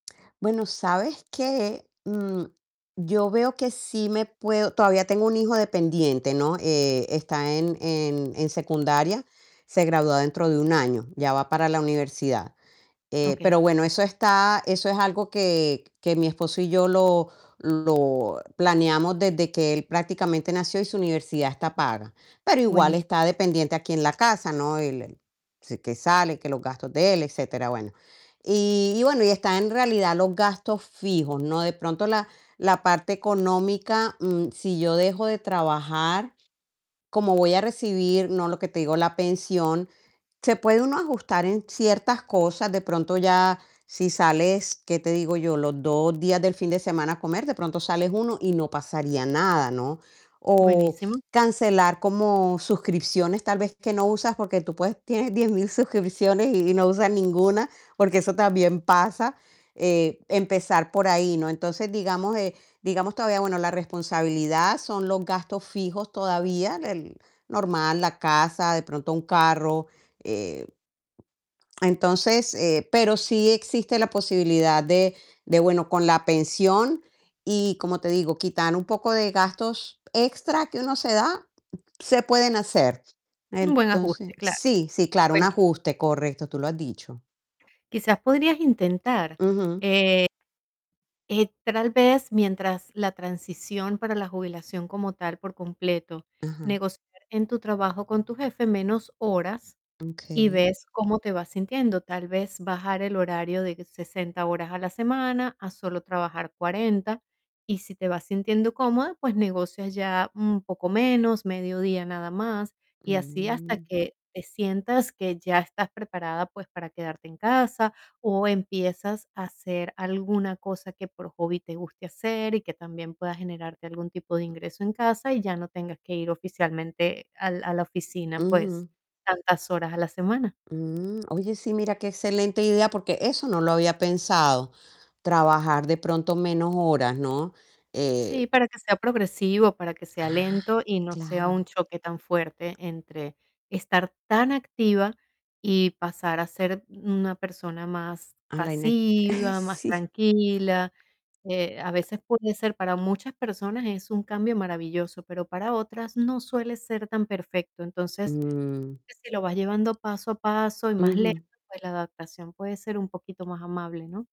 Bueno, ¿sabes qué?, mm, yo veo que sí me puedo todavía tengo un hijo dependiente, ¿no?, eh, está en en en secundaria, se gradúa dentro de 1 año, ya va para la universidad, eh, Okey. pero bueno, eso está eso es algo que que mi esposo y yo lo lo planeamos desde que él prácticamente nació y, su universidad está paga, pero igual Buenísimo. está dependiente aquí en la casa, ¿no?, él si que sale, que los gastos de él, etcétera, bueno. Y y bueno y, está en realidad los gastos fijos, ¿no? De pronto la la parte económica, mm, si yo dejo de trabajar, como voy a recibir, ¿no?, lo que te digo, la pensión, se puede uno ajustar en ciertas cosas, de pronto ya si sales, ¿qué te digo yo?, los 2 días del fin de semana a comer, de pronto sales 1 y, no pasaría nada, ¿no? O Buenísimo. cancelar como suscripciones, tal vez que no usas, porque tú puedes tienes 10000 suscripciones y y no usas ninguna, porque eso también pasa, eh, empezar por ahí, ¿no? Entonces, digamos, eh, digamos todavía bueno, la responsabilidad son los gastos fijos todavía, el normal, la casa, de pronto un carro, eh, entonces, eh, pero sí existe la posibilidad de de, bueno, con la pensión y, como te digo, quitar un poco de gastos extra que uno se da, se pueden hacer. Un buen ajuste, Entonces claro, sí, sí, claro, un buenísimo. ajuste, correcto, tú lo has dicho. Quizás podrías intentar, Ujú. eh eh tal vez, mientras la transición para la jubilación como tal, por completo, Ajá. negociar en tu trabajo con tu jefe menos horas y, Okey. ves cómo te vas sintiendo. Tal vez, bajar el horario de 60 horas a la semana a solo trabajar 40 y, si te vas sintiendo cómoda, pues negocias ya un poco menos, mediodía nada más y así, hasta Mm. que te sientas que ya estás preparada, pues, para quedarte en casa, o empiezas a hacer alguna cosa que por hobby te guste hacer y, que también pueda generarte algún tipo de ingreso en casa y ya no tengas que ir oficialmente al a la oficina, pues, Ujú. tantas horas a la semana. Mm, oye, sí, mira, qué excelente idea, porque eso no lo había pensado, trabajar de pronto menos horas, ¿no?, eh. Sí, para que sea progresivo, para que sea Ah, lento y, no sea un claro. choque tan fuerte entre estar tan activa y pasar a ser una persona más A la inec eh, pasiva, más sí. tranquila. Eh, a veces puede ser para muchas personas es un cambio maravilloso, pero para otras no suele ser tan perfecto. Entonces, Mm. que si lo vas llevando paso a paso y, más lento, Ujú. pues, la adaptación puede ser un poquito más amable, ¿no?